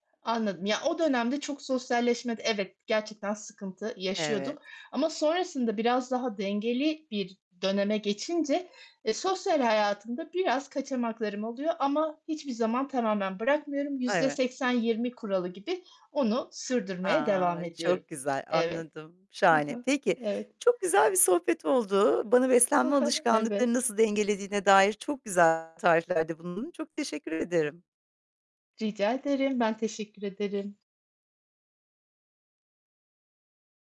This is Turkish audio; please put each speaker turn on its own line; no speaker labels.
Anladım. Ya, o dönemde çok sosyalleşmede evet, gerçekten sıkıntı yaşıyordum
Evet.
ama sonrasında biraz daha dengeli bir döneme geçince, eee, sosyal hayatımda biraz kaçamaklarım oluyor ama hiçbir zaman tamamen bırakmıyorum. yüzde
Eve
seksen yirmi kuralı gibi onu sürdürmeye
A,
devam ediyorum.
çok güzel.
Evet.
Anladım.
Hı
Şahane.
hı.
Peki
Evet.
çok güzel bir sohbet oldu. Bana beslenme
Evet.
alışkanlıklarını nasıl dengelediğine dair çok güzel tarifler de bulundun. Çok teşekkür ederim.
Rica ederim, ben teşekkür ederim.